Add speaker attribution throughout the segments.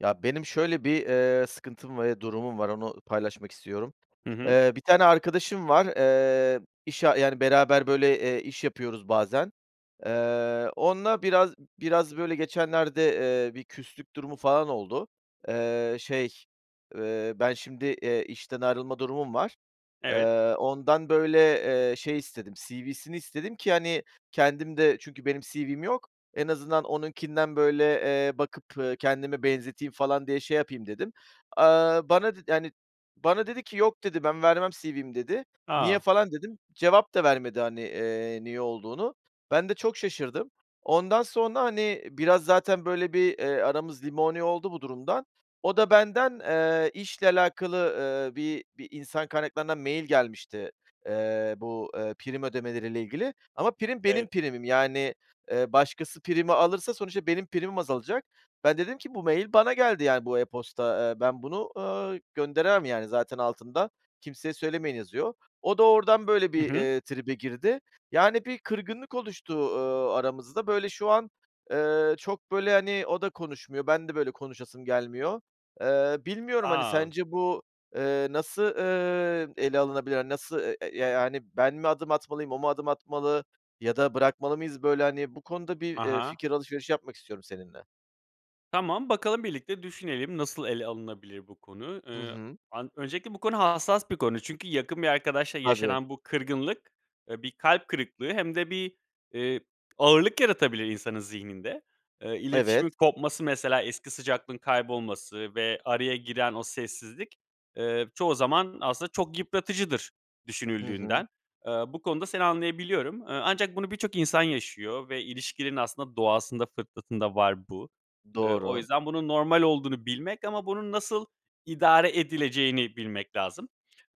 Speaker 1: Ya, benim şöyle bir, eee, sıkıntım var ve durumum var onu paylaşmak istiyorum.
Speaker 2: Hı hı.
Speaker 1: Eee, bir tane arkadaşım var, eee, iş a yani, beraber böyle, eee, iş yapıyoruz bazen, eee, onla biraz biraz böyle geçenlerde, eee, bir küslük durumu falan oldu. Eee, şey, eee, ben şimdi, eee, işten ayrılma durumum var.
Speaker 2: Evet.
Speaker 1: Eee, ondan böyle, eee, şey istedim, CV'sini istedim ki, hani, kendim de çünkü benim CV'm yok, en azından onunkinden böyle, eee, bakıp, ııı, kendime benzeteyim falan diye şey yapayım dedim. Iıı, bana dedi yani, bana dedi ki, "Yok." dedi, "Ben vermem CV'mi." dedi. "Niye?"
Speaker 2: A!
Speaker 1: falan dedim. Cevap da vermedi, hani, eee, niye olduğunu. Ben de çok şaşırdım. Ondan sonra, hani, biraz zaten böyle bir, eee, aramız limoni oldu bu durumdan. O da benden, eee, işle alakalı, ııı, bir bir insan kaynaklarına mail gelmişti, eee, bu, eee, prim ödemeleriyle ilgili. Ama prim benim
Speaker 2: Evet.
Speaker 1: primim, yani, eee, başkası primi alırsa sonuçta benim primim azalacak. Ben dedim ki, "Bu mail bana geldi, yani, bu e-posta, eee, ben bunu, ııı, gönderemem, yani, zaten altında kimseye söylemeyin yazıyor." O da oradan böyle
Speaker 2: Hı
Speaker 1: bir,
Speaker 2: hı.
Speaker 1: eee, tribe girdi, yani bir kırgınlık oluştu, ııı, aramızda. Böyle şu an, eee, çok böyle, hani, o da konuşmuyor. Ben de böyle konuşasım gelmiyor. Eee, bilmiyorum, hani,
Speaker 2: A!
Speaker 1: sence bu, eee, nasıl, ııı, ele alınabilir, hani, nasıl e e ya yani, ben mi adım atmalıyım, o mu adım atmalı ya da bırakmalı mıyız böyle hani? Bu konuda bir,
Speaker 2: Ha
Speaker 1: eee,
Speaker 2: ha.
Speaker 1: fikir alışverişi yapmak istiyorum seninle.
Speaker 2: Tamam, bakalım birlikte düşünelim, nasıl ele alınabilir bu konu?
Speaker 1: Hı
Speaker 2: Iıı,
Speaker 1: hı.
Speaker 2: an öncelikle bu konu hassas bir konu. Çünkü yakın bir arkadaşla
Speaker 1: Tabii.
Speaker 2: yaşanan bu kırgınlık, ııı, bir kalp kırıklığı hem de bir, ııı, ağırlık yaratabilir insanın zihninde. Iıı,
Speaker 1: Evet.
Speaker 2: iletişimin kopması, mesela eski sıcaklığın kaybolması ve araya giren o sessizlik, ııı, çoğu zaman aslında çok yıpratıcıdır
Speaker 1: Hı hı.
Speaker 2: düşünüldüğünden. Iıı, bu konuda seni anlayabiliyorum. Iıı, ancak bunu birçok insan yaşıyor ve ilişkilerin aslında doğasında, fıtratında var bu. Iıı, o
Speaker 1: Doğru.
Speaker 2: yüzden bunun normal olduğunu bilmek ama bunun nasıl idare edileceğini bilmek lazım.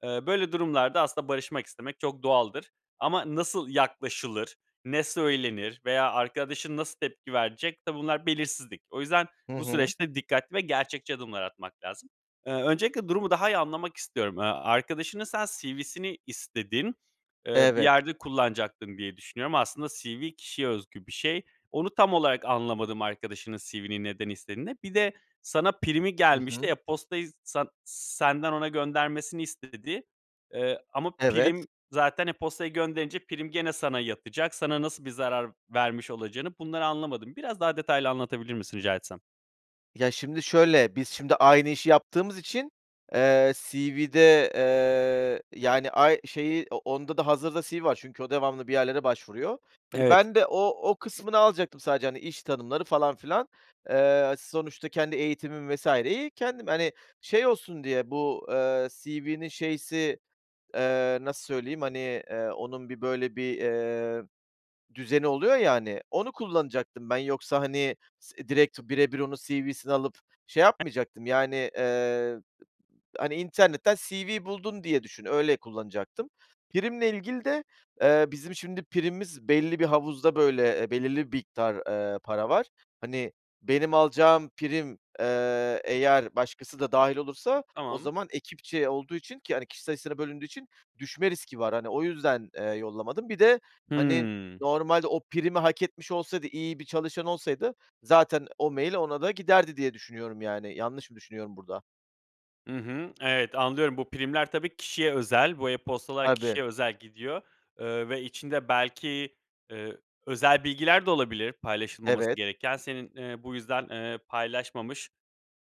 Speaker 2: Iıı, böyle durumlarda aslında barışmak istemek çok doğaldır ama nasıl yaklaşılır, ne söylenir veya arkadaşın nasıl tepki verecek? Tabii, bunlar belirsizlik. O yüzden
Speaker 1: Hı
Speaker 2: bu
Speaker 1: hı.
Speaker 2: süreçte dikkatli ve gerçekçi adımlar atmak lazım. Iıı, öncelikle durumu daha iyi anlamak istiyorum. Iıı, arkadaşının sen CV'sini istedin, ııı, bir
Speaker 1: Evet.
Speaker 2: yerde kullanacaktın diye düşünüyorum. Aslında CV kişiye özgü bir şey. Onu tam olarak anlamadım, arkadaşının CV'ni neden istediğini. Bir de sana primi
Speaker 1: Hı
Speaker 2: gelmişti,
Speaker 1: hı.
Speaker 2: e-postayı san senden ona göndermesini istedi, eee, ama
Speaker 1: Evet.
Speaker 2: prim zaten e-postayı gönderince prim gene sana yatacak, sana nasıl bir zarar vermiş olacağını, bunları anlamadım. Biraz daha detaylı anlatabilir misin, rica etsem?
Speaker 1: Ya, şimdi şöyle, biz şimdi aynı işi yaptığımız için, eee, CV'de, eee, yani, ay şeyi, o onda da hazırda CV var çünkü o devamlı bir yerlere başvuruyor. Hani,
Speaker 2: Evet.
Speaker 1: ben de o o kısmını alacaktım sadece, hani, iş tanımları falan filan. Eee, sonuçta kendi eğitimim vesaireyi kendim, hani, şey olsun diye, bu, ııı, CV'nin şeysi, eee, nasıl söyleyeyim, hani, eee, onun bir böyle bir, eee, düzeni oluyor ya, hani, onu kullanacaktım ben. Yoksa, hani, s direkt birebir onun CV'sini alıp şey
Speaker 2: [unintelligible]
Speaker 1: yapmayacaktım, yani. Iıı, hani, internetten CV buldun diye düşün, öyle kullanacaktım. Primle ilgili de, ııı, bizim şimdi primimiz belli bir havuzda, böyle, e belirli bir miktar, ııı, para var. Hani, benim alacağım prim, eee, eğer başkası da dâhil olursa o
Speaker 2: Tamam.
Speaker 1: zaman ekipçe olduğu için ki, hani, kişi sayısına bölündüğü için düşme riski var. Hani, o yüzden, eee, yollamadım. Bir de, hani,
Speaker 2: Hıı.
Speaker 1: normalde o primi hak etmiş olsaydı, iyi bir çalışan olsaydı zaten o mail ona da giderdi diye düşünüyorum, yani. Yanlış mı düşünüyorum burada?
Speaker 2: I hı, evet, anlıyorum. Bu primler tabii kişiye özel, bu e-postalar
Speaker 1: Tabii.
Speaker 2: kişiye özel gidiyor, ııı, ve içinde belki, ııı, özel bilgiler de olabilir paylaşılmaması
Speaker 1: Evet.
Speaker 2: gereken. Senin, ııı, bu yüzden, ııı, paylaşmamış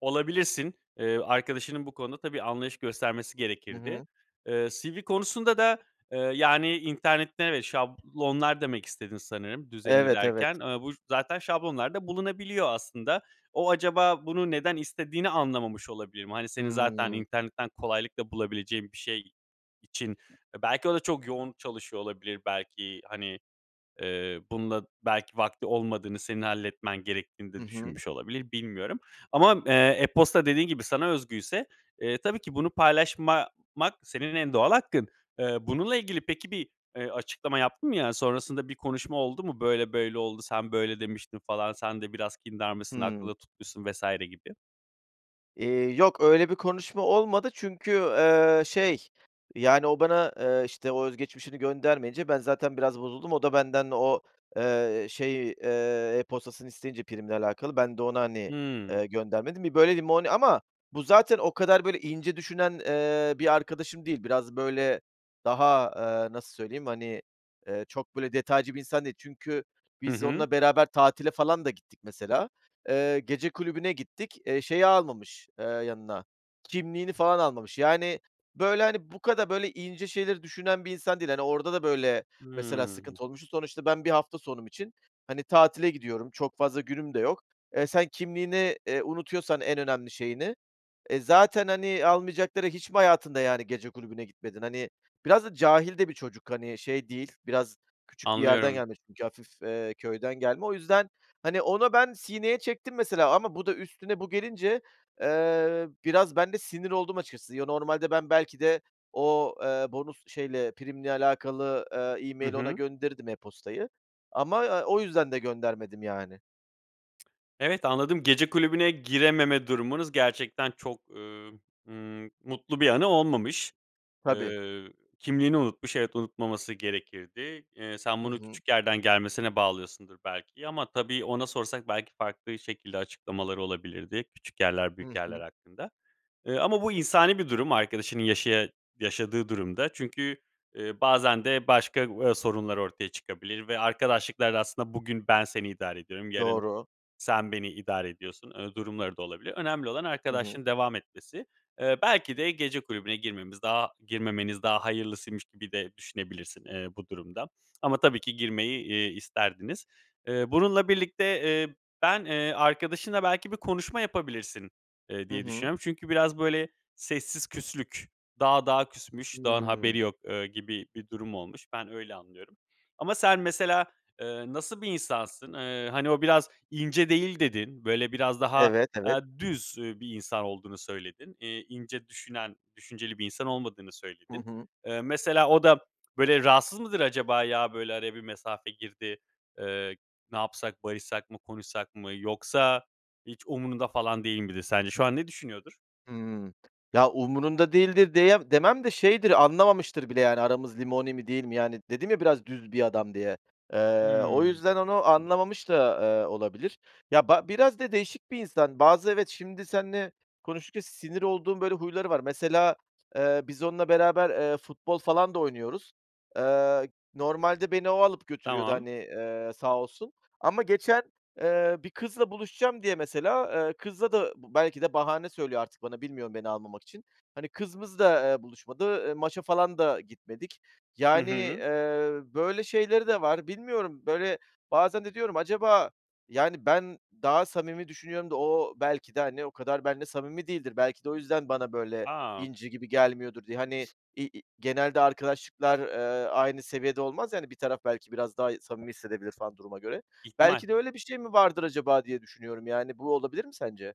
Speaker 2: olabilirsin. Iıı, arkadaşının bu konuda tabii anlayış göstermesi
Speaker 1: Hı
Speaker 2: gerekirdi.
Speaker 1: hı.
Speaker 2: Iıı, CV konusunda da, ııı, yani, internette, evet, şablonlar demek istedin sanırım düzenini
Speaker 1: Evet,
Speaker 2: derken.
Speaker 1: evet.
Speaker 2: Iıı, bu zaten şablonlarda bulunabiliyor aslında. O acaba bunu neden istediğini anlamamış olabilir mi? Hani, senin zaten
Speaker 1: Hıı.
Speaker 2: internetten kolaylıkla bulabileceğin bir şey için, e, belki o da çok yoğun çalışıyor olabilir, belki. Hani, eee, bununla belki vakti olmadığını, senin halletmen gerektiğini
Speaker 1: Hı
Speaker 2: de
Speaker 1: hı.
Speaker 2: düşünmüş olabilir, bilmiyorum ama, eee, e-posta dediğin gibi sana özgüyse, eee, tabii ki bunu paylaşmamak senin en doğal hakkın. Iıı, bununla ilgili peki bir, ııı, açıklama yaptın mı? Yani, sonrasında bir konuşma oldu mu? Böyle böyle oldu, sen böyle demiştin falan, sen de biraz kindarmışsın,
Speaker 1: Hıı.
Speaker 2: aklında tutmuşsun vs. gibi.
Speaker 1: Eee, yok öyle bir konuşma olmadı çünkü, eee, şey yani o bana, eee, işte, o özgeçmişini göndermeyince ben zaten biraz bozuldum. O da benden o, eee, şeyi, eee, e-postasını isteyince, primle alakalı ben de ona, hani,
Speaker 2: Hıı.
Speaker 1: eee, göndermedim. Bir böyle limoni... Ama bu zaten o kadar böyle ince düşünen, eee, bir arkadaşım değil. Biraz böyle daha, aaa, nasıl söyleyeyim, hani, eee, çok böyle detaycı bir insan değil. Çünkü
Speaker 2: Hı
Speaker 1: biz
Speaker 2: hı.
Speaker 1: onunla beraber tatile falan da gittik mesela. Eee, gece kulübüne gittik. Eee, şeyi almamış, eee, yanına kimliğini falan almamış. Yani böyle, hani, bu kadar böyle ince şeyleri düşünen bir insan değil. Hani, orada da böyle mesela
Speaker 2: Hıı.
Speaker 1: sıkıntı olmuştu. Sonuçta ben bir hafta sonum için, hani, tatile gidiyorum. Çok fazla günüm de yok. Eee, sen kimliğini, eee, unutuyorsan en önemli şeyini, eee, zaten, hani, almayacakları... Hiç mi hayatında yani gece kulübüne gitmedin? Hani, biraz da cahil de bir çocuk, hani, şey değil, biraz küçük bir yerden
Speaker 2: Anlıyorum.
Speaker 1: gelmiş çünkü hafif, eee, köyden gelme. O yüzden, hani, orada ben sineye çektim mesela ama bu da üstüne bu gelince, eee, biraz ben de sinir oldum açıkçası. Yo, normalde ben belki de o, eee, bonus şeyle primle alakalı, eee,
Speaker 2: Hı
Speaker 1: e-mail ona
Speaker 2: hı.
Speaker 1: gönderirdim e-postayı ama, eee, o yüzden de göndermedim yani.
Speaker 2: Evet, anladım. Gece kulübüne girememe durumunuz gerçekten çok, ııı, ımm, mutlu bir anı olmamış.
Speaker 1: Tabii.
Speaker 2: Iıı, kimliğini unutmuş. Evet, unutmaması gerekirdi. Eee, sen
Speaker 1: Hı
Speaker 2: bunu
Speaker 1: hı.
Speaker 2: küçük yerden gelmesine bağlıyorsundur belki ama tabii, ona sorsak belki farklı şekilde açıklamaları olabilirdi; küçük yerler,
Speaker 1: Hı
Speaker 2: büyük yerler
Speaker 1: hı.
Speaker 2: hakkında. Iıı, ama bu insani bir durum arkadaşının yaşıya yaşadığı durum da. Çünkü, ııı, bazen de başka, aaa, sorunlar ortaya çıkabilir ve arkadaşlıklar da aslında, "Bugün ben seni idare ediyorum, yarın
Speaker 1: Doğru.
Speaker 2: sen beni idare ediyorsun." ııı, durumları da olabilir. Önemli olan
Speaker 1: Hı hı.
Speaker 2: arkadaşlığın devam etmesi. Iıı, belki de gece kulübüne girmemiz daha girmemeniz daha hayırlısıymış gibi de düşünebilirsin, eee, bu durumda. Ama tabii ki girmeyi, iii, isterdiniz. Eee, bununla birlikte, eee, ben, eee, arkadaşınla belki bir konuşma yapabilirsin, eee,
Speaker 1: Hı
Speaker 2: diye
Speaker 1: hı.
Speaker 2: düşünüyorum. Çünkü biraz böyle sessiz küslük, dağ dağa küsmüş dağın haberi
Speaker 1: Hıı.
Speaker 2: yok, ııı, gibi bir durum olmuş. Ben öyle anlıyorum. Ama sen mesela, ııı, nasıl bir insansın? Iıı, hani, o biraz ince değil dedin, böyle, biraz daha,
Speaker 1: Evet, evet.
Speaker 2: aaa, düz, ııı, bir insan olduğunu söyledin. İii, ince düşünen, düşünceli bir insan olmadığını
Speaker 1: Hı
Speaker 2: söyledin.
Speaker 1: hı.
Speaker 2: Iıı, mesela o da böyle rahatsız mıdır acaba, "Ya, böyle araya bir mesafe girdi, ııı, ne yapsak, barışsak mı, konuşsak mı?" yoksa hiç umurunda falan değil midir sence? Şu an ne düşünüyordur?
Speaker 1: Hıı. Ya, umurunda değildir deyem demem de şeydir, anlamamıştır bile yani aramız limoni mi değil mi? Yani dedim ya, biraz düz bir adam diye. Eee, o
Speaker 2: Hıı.
Speaker 1: yüzden onu anlamamış da, eee, olabilir. Ya, ba biraz da değişik bir insan. Bazı evet, şimdi seninle konuştukça sinir olduğum böyle huyları var. Mesela, eee, biz onunla beraber, eee, futbol falan da oynuyoruz. Eee, normalde beni o alıp götürüyordu,
Speaker 2: Tamam.
Speaker 1: hani, eee, sağ olsun. Ama geçen, eee, bir kızla buluşacağım diye mesela, eee, kızla da -b belki de bahane söylüyor artık bana, bilmiyorum beni almamak için hani, kız mız da, eee, buluşmadı, eee, maça falan da gitmedik.
Speaker 2: Hı
Speaker 1: Yani,
Speaker 2: hı.
Speaker 1: eee, böyle şeyleri de var. Bilmiyorum. Böyle bazen de diyorum acaba yani ben daha samimi düşünüyorum da o belki de, hani, o kadar benimle samimi değildir. Belki de o yüzden bana böyle
Speaker 2: A!
Speaker 1: inci gibi gelmiyordur diye. Hani, i i genelde arkadaşlıklar, eee, aynı seviyede olmaz ya, hani, bir taraf belki biraz daha i samimi hissedebilir falan duruma göre.
Speaker 2: İhtimal.
Speaker 1: Belki de öyle bir şey mi vardır acaba diye düşünüyorum. Yani bu olabilir mi sence?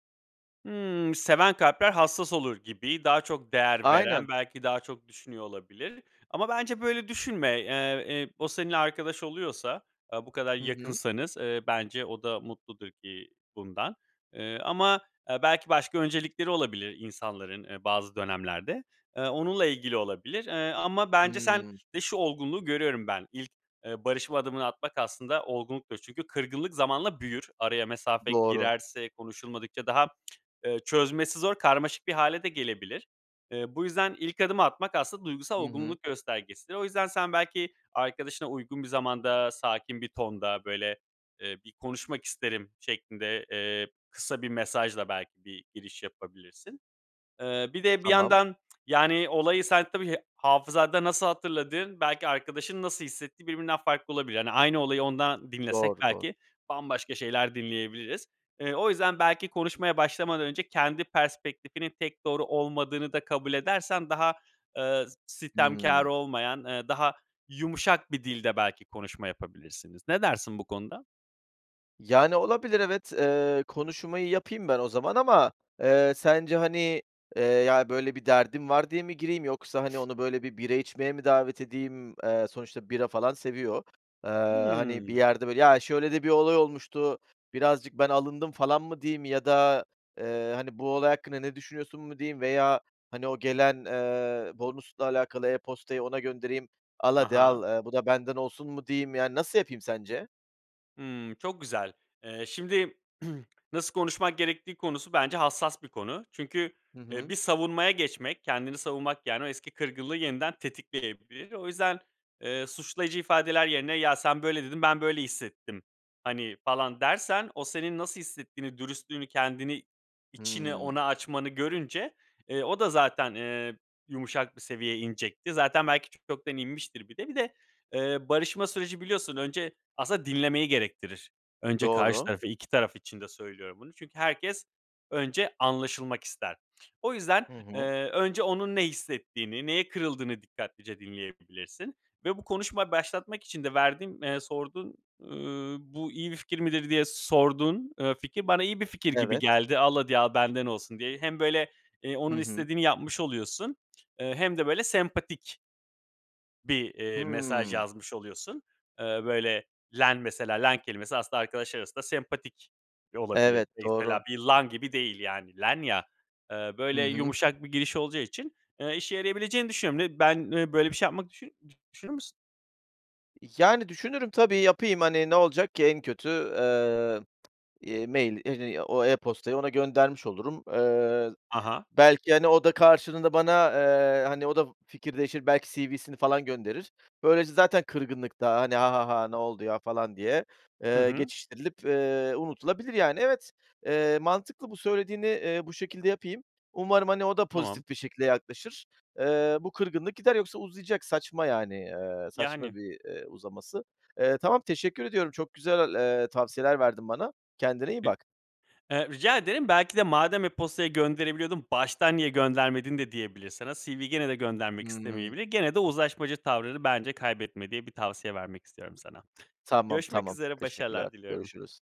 Speaker 2: Hıı, seven kalpler hassas olur gibi daha çok değer veren
Speaker 1: Aynen.
Speaker 2: belki daha çok düşünüyor olabilir. Ama bence böyle düşünme. Eee, eee, o seninle arkadaş oluyorsa, aaa, bu kadar
Speaker 1: Hı hı.
Speaker 2: yakınsanız, eee, bence o da mutludur ki bundan. Eee, ama, eee, belki başka öncelikleri olabilir insanların, eee, bazı dönemlerde. Eee, onunla ilgili olabilir, eee, ama bence sen
Speaker 1: Hıı.
Speaker 2: de şu olgunluğu görüyorum ben. İlk, eee, barışma adımını atmak aslında olgunluktur. Çünkü kırgınlık zamanla büyür. Araya mesafe
Speaker 1: Doğru.
Speaker 2: girerse, konuşulmadıkça daha, eee, çözmesi zor karmaşık bir hâle de gelebilir. Eee, bu yüzden ilk adımı atmak aslında duygusal
Speaker 1: Hı hı.
Speaker 2: olgunluk göstergesidir. O yüzden sen belki arkadaşına uygun bir zamanda, sakin bir tonda böyle, eee, bir konuşmak isterim şeklinde, eee, kısa bir mesajla belki bir giriş yapabilirsin. Eee, bir de bir
Speaker 1: Tamam.
Speaker 2: yandan, yani, olayı sen tabii hafızanda nasıl hatırladığın, belki arkadaşın nasıl hissettiği birbirinden farklı olabilir. Hani, aynı olayı ondan dinlesek
Speaker 1: Doğru, doğru.
Speaker 2: belki bambaşka şeyler dinleyebiliriz. Eee, o yüzden belki konuşmaya başlamadan önce kendi perspektifinin tek doğru olmadığını da kabul edersen daha, eee, s sitemkâr
Speaker 1: Hıı.
Speaker 2: olmayan, eee, daha yumuşak bir dilde belki konuşma yapabilirsiniz. Ne dersin bu konuda?
Speaker 1: Yani olabilir, evet, eee, konuşmayı yapayım ben o zaman ama, eee, sence, hani, eee, "Ya, böyle bir derdim." var diye mi gireyim yoksa, hani, onu böyle bir bira içmeye mi davet edeyim? Eee, sonuçta bira falan seviyor, eee, hani, "Bir
Speaker 2: Hıı.
Speaker 1: yerde böyle, ya, şöyle de bir olay olmuştu, birazcık ben alındım" falan mı diyeyim? Ya da, eee, hani, "Bu olay hakkında ne düşünüyorsun mu" diyeyim? Veya, hani, o gelen, eee, bonusla alakalı e-postayı ona göndereyim. "Al hadi
Speaker 2: Aha.
Speaker 1: al, eee, bu da benden olsun" mu diyeyim yani, nasıl yapayım sence?
Speaker 2: Hıı, çok güzel. Eee, şimdi nasıl konuşmak gerektiği konusu bence hassas bir konu. Çünkü,
Speaker 1: Hı
Speaker 2: eee, bir
Speaker 1: hı.
Speaker 2: savunmaya geçmek, kendini savunmak, yani, o eski kırgınlığı yeniden tetikleyebilir. O yüzden, eee, suçlayıcı ifadeler yerine "Ya sen böyle dedin, ben böyle hissettim." hani, falan dersen, o senin nasıl hissettiğini, dürüstlüğünü, kendini içini
Speaker 1: Hıı.
Speaker 2: ona açmanı görünce, eee, o da zaten, eee, yumuşak bir seviyeye inecekti. Zaten belki çoktan inmiştir bir de. Bir de barışma süreci biliyorsun önce aslında dinlemeyi gerektirir. Önce karşı
Speaker 1: Doğru.
Speaker 2: taraf 2 taraf için de söylüyorum bunu. Çünkü herkes önce anlaşılmak ister. O yüzden,
Speaker 1: Hı
Speaker 2: eee,
Speaker 1: hı.
Speaker 2: önce onun ne hissettiğini, neye kırıldığını dikkatlice dinleyebilirsin. Ve bu konuşmayı başlatmak için de verdiğin, eee, sorduğun, ııı, "Bu iyi bir fikir midir?" diye sorduğun eee fikir bana iyi bir fikir gibi
Speaker 1: Evet.
Speaker 2: geldi al hadi al benden olsun diye. Hem böyle, eee,
Speaker 1: Hı
Speaker 2: onun
Speaker 1: hı.
Speaker 2: istediğini yapmış oluyorsun, eee, hem de böyle sempatik bir, eee, mesaj
Speaker 1: Hıı.
Speaker 2: yazmış oluyorsun. Eee, böyle "len" mesela "len" kelimesi aslında arkadaş arasında sempatik olabilir.
Speaker 1: Evet,
Speaker 2: Mesela
Speaker 1: doğru.
Speaker 2: bir "lan" gibi değil yani "len" ya, eee,
Speaker 1: Hı
Speaker 2: böyle
Speaker 1: hı.
Speaker 2: yumuşak bir giriş olacağı için, eee, işe yarayabileceğini düşünüyorum. Ne ben, eee, böyle bir şey yapmak düşünür mü düşünür müsün?
Speaker 1: Yani, düşünürüm, tabii yapayım, hani, ne olacak ki? En kötü, eee, eee, mail, i i o e-postayı ona göndermiş olurum. Eee,
Speaker 2: A ha.
Speaker 1: belki, hani, o da karşılığında bana, eee, hani, o da fikir değişir, belki cv'sini falan gönderir. Böylece zaten kırgınlık da, hani, "Ha, ha, ha! Ne oldu ya?" falan diye,
Speaker 2: Hı
Speaker 1: eee,
Speaker 2: hı.
Speaker 1: geçiştirilip, eee, unutulabilir, yani. Evet, eee, mantıklı bu söylediğini, eee, bu şekilde yapayım. Umarım, hani, o da
Speaker 2: Tamam.
Speaker 1: pozitif bir şekilde yaklaşır. Eee, bu kırgınlık gider yoksa uzayacak, saçma yani, eee, saçma
Speaker 2: Yani.
Speaker 1: bir, eee, uzaması. Eee, tamam teşekkür ediyorum, çok güzel, eee, tavsiyeler verdin bana. Kendine iyi
Speaker 2: Hı,
Speaker 1: bak.
Speaker 2: eee, rica ederim belki de "madem e-postayla gönderebiliyordun, baştan niye göndermedin" de diyebilir sana. CV'yi gene de göndermek
Speaker 1: Hıı.
Speaker 2: istemeyebilir. Gene de uzlaşmacı tavrını bence kaybetme diye bir tavsiye vermek istiyorum sana.
Speaker 1: Tamam
Speaker 2: Görüşmek
Speaker 1: tamam,
Speaker 2: üzere
Speaker 1: teşekkürler
Speaker 2: başarılar diliyorum.
Speaker 1: görüşürüz.